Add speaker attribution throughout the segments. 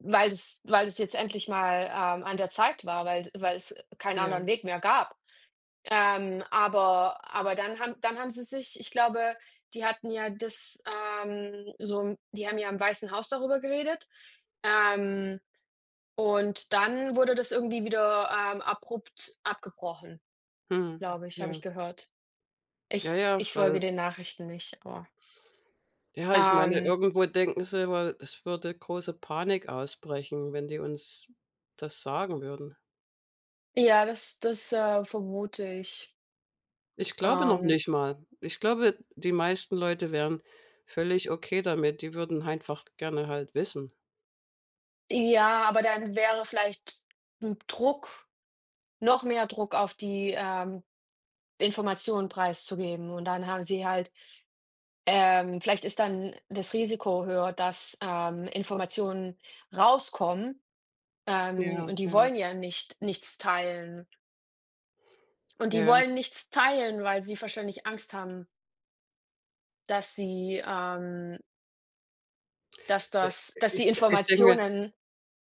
Speaker 1: Weil das weil das jetzt endlich mal, ähm, an der Zeit war, weil d weil es keinen
Speaker 2: Ja.
Speaker 1: anderen Weg mehr gab. Ähm, aber aber dann haben dann haben sie sich ich glaube, die hatten ja das, ähm so 'n die haben ja im Weißen Haus darüber geredet. Ähm, und dann wurde das irgendwie wieder, ähm, abrupt abgebrochen
Speaker 2: Mhm.
Speaker 1: glaube ich, habe ich
Speaker 2: Ja.
Speaker 1: gehört.
Speaker 2: Ja,
Speaker 1: Ich
Speaker 2: ja,
Speaker 1: ich folge
Speaker 2: weil
Speaker 1: den Nachrichten nicht, aber
Speaker 2: ja, ich meine,
Speaker 1: ähm.
Speaker 2: irgendwo denken sie immer, es würde große Panik ausbrechen, wenn die uns das sagen würden.
Speaker 1: Ja, das das, äh, vermute ich.
Speaker 2: Ich glaube noch
Speaker 1: Ähm.
Speaker 2: nicht mal. Ich glaube, die meisten Leute wären völlig okay damit. Die würden einfach gerne halt wissen.
Speaker 1: Ja, aber dann wäre vielleicht 'n Druck noch mehr Druck auf die, ähm, Information preiszugeben. Und dann haben sie halt, ähm vielleicht ist dann das Risiko höher, dass, ähm, Informationen rauskommen, ähm,
Speaker 2: Ja,
Speaker 1: und die
Speaker 2: ja.
Speaker 1: wollen ja nicht nichts teilen. Und die
Speaker 2: Ja.
Speaker 1: wollen nichts teilen, weil sie wahrscheinlich Angst haben. Dass sie, ähm dass
Speaker 2: I
Speaker 1: dass dass
Speaker 2: i
Speaker 1: die
Speaker 2: ich denke
Speaker 1: Informationen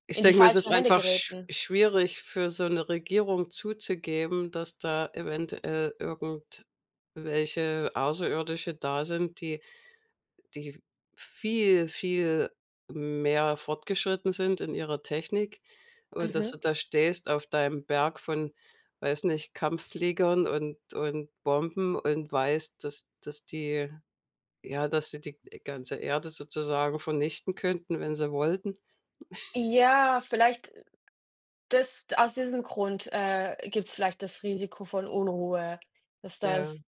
Speaker 2: ich
Speaker 1: in die
Speaker 2: denke mir, es ist
Speaker 1: falschen Hände
Speaker 2: einfach schw
Speaker 1: gerieten.
Speaker 2: schwierig für so 'ne Regierung zuzugeben, dass da eventuell irgendwelche Außerirdische da sind, die die viel, viel mehr fortgeschritten sind in ihrer Technik und dass
Speaker 1: Mhm.
Speaker 2: du da stehst auf deinem Berg von weiß nicht, Kampffliegern und und Bomben und weißt, dass dass die ja, dass die die die ganze Erde sozusagen vernichten könnten, wenn sie wollten.
Speaker 1: Ja, vielleicht das aus diesem Grund, äh, gibt es vielleicht das Risiko von Unruhe, dass
Speaker 2: Ja.
Speaker 1: das